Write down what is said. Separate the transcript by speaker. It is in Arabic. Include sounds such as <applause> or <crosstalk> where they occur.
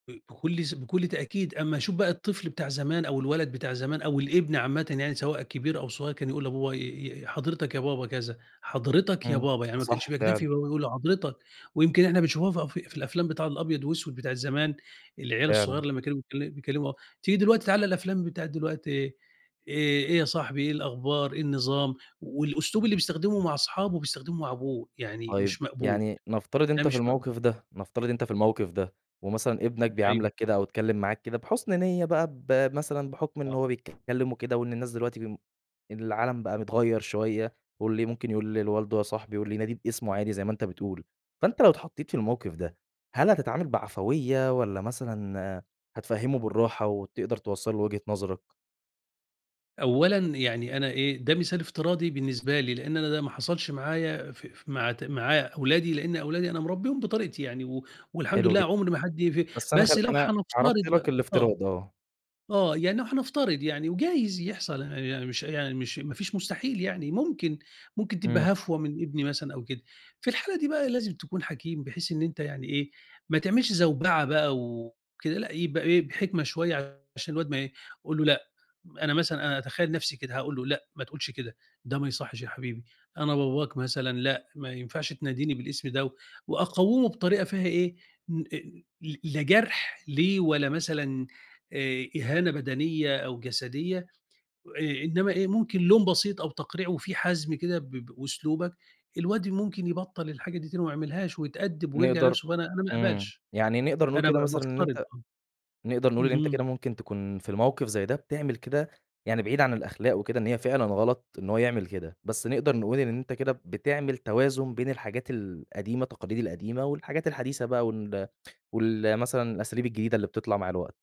Speaker 1: <unintelligible> بكل ز بكل تأكيد أمّا اشوف بقى الطفل بتاع زمان، أو الولد بتاع زمان أو الابن عامةً يعني سواء كبير أو صغيّر كان يقول لباباه ي ي حضرتك يا بابا كذا، حضرتك يا
Speaker 2: إمم
Speaker 1: بابا يعني
Speaker 2: ف
Speaker 1: ما كانش
Speaker 2: صح
Speaker 1: بيكتفي
Speaker 2: فعلًا.
Speaker 1: إن هو بيقول له حضرتك، ويمكن إحنا بنشوفها فأ في في الأفلام بتاع الأبيض وأسوِد بتاعة زمان، العيال
Speaker 2: فعلًا.
Speaker 1: الصغيّر لمّا كانوا بيكل بيكلموا آه، تيجي دلوقتي تعالَ الأفلام بتاعة دلوقتي إيه إيه إيه يا صاحبي إيه الأخبار، إيه النظام، والأسلوب اللي بيستخدمه مع اصحابه بيستخدمه مع أبوه يعني
Speaker 2: طيب
Speaker 1: مش مقبول،
Speaker 2: يعني نفترض
Speaker 1: ده
Speaker 2: أنت في
Speaker 1: مش مقبول.
Speaker 2: الموقف ده نفترض أنت في الموقف ده، ومثلًا ابنك
Speaker 1: أيوه.
Speaker 2: بيعاملك كده أو اتكلم معاك كده بحُسن نيّة بقى، بمثلًا بحكم
Speaker 1: آه.
Speaker 2: إنه هو بيتكلم وكده وإن الناس دلوقتي بم إن العالم بقى متغيّر شوية، واللي ممكن يقول لل والده يا صاحبي واللي يناديه باسمه عادي زي ما أنت بتقول، فأنت لو اتحطّيت في الموقف ده هل هتتعامل بعفوية والّا مثلًا هتفهمه بالراحة، وتقدر توصل له وجهة نظرك؟
Speaker 1: أولًا يعني أنا إيه ده مثال افتراضي بالنسبة لي، لإن أنا ده ما حصلش معايا فأ ف مع ت مع أولادي، لإن أولادي أنا مربيهم بطريقتي يعني و والحمد
Speaker 2: حلو
Speaker 1: لله
Speaker 2: جد
Speaker 1: عُمر ما حد ي في
Speaker 2: بس أنا
Speaker 1: بس
Speaker 2: خل
Speaker 1: لو
Speaker 2: أنا
Speaker 1: هنفترض
Speaker 2: عرضت
Speaker 1: ب
Speaker 2: لك
Speaker 1: آه،
Speaker 2: الإفتراض آه.
Speaker 1: آه يعني لو هنفترض يعني، وجايز يحصل أنا يعني مش يعني مش ما فيش مستحيل يعني ممكن، ممكن
Speaker 2: إمم.
Speaker 1: تبقى هفوة من ابني مثلًا أو كده، في الحالة دي بقى لازم تكون حكيم بحيث إن أنت يعني إيه ما تعملش زوبعة بقى، وكده لأ يبقى إيه بحكمة شوية عشان الواد ما ي قل له لأ م أنا مثلًا أنا أتخيل نفسي كده هاقول له لأ ما تقولش كده، ده ما يصحّش يا حبيبي، أنا باباك مثلًا لأ ما ينفعش تناديني بالاسم ده و وأقوّمه بطريقة فيها إيه ن أ ل لا جرح ليه ولا مثلًا آآ إهانة بدنية أو جسدية، آآ إنّما إيه ممكن لوم بسيط أو تقريع وفي حزم كده ب بأسلوبك، الواد ممكن يبطل الحاجة دي تاني وما يعملهاش ويتأدب ويرجع
Speaker 2: نقدر
Speaker 1: لنَفسه فأنا أنا ما
Speaker 2: إمم
Speaker 1: اقبلش.
Speaker 2: يعني نقدر نقول
Speaker 1: أنا با
Speaker 2: كده مثلًا إن
Speaker 1: بافترض
Speaker 2: أنت
Speaker 1: آه،
Speaker 2: نقدر نقول اللي أنت
Speaker 1: اهم.
Speaker 2: كده ممكن تكون في الموقف زي ده بتعمل كده يعني بعيد عن الأخلاق وكده إن هي فعلًا غلط إن هو يعمل كده، بس نقدر نقول إن أنت كده بتعمل توازن بين الحاجات القديمة التقاليد القديمة، والحاجات الحديثة بقى وال وال مثلًا الأساليب الجديدة اللي بتطلع مع الوقت.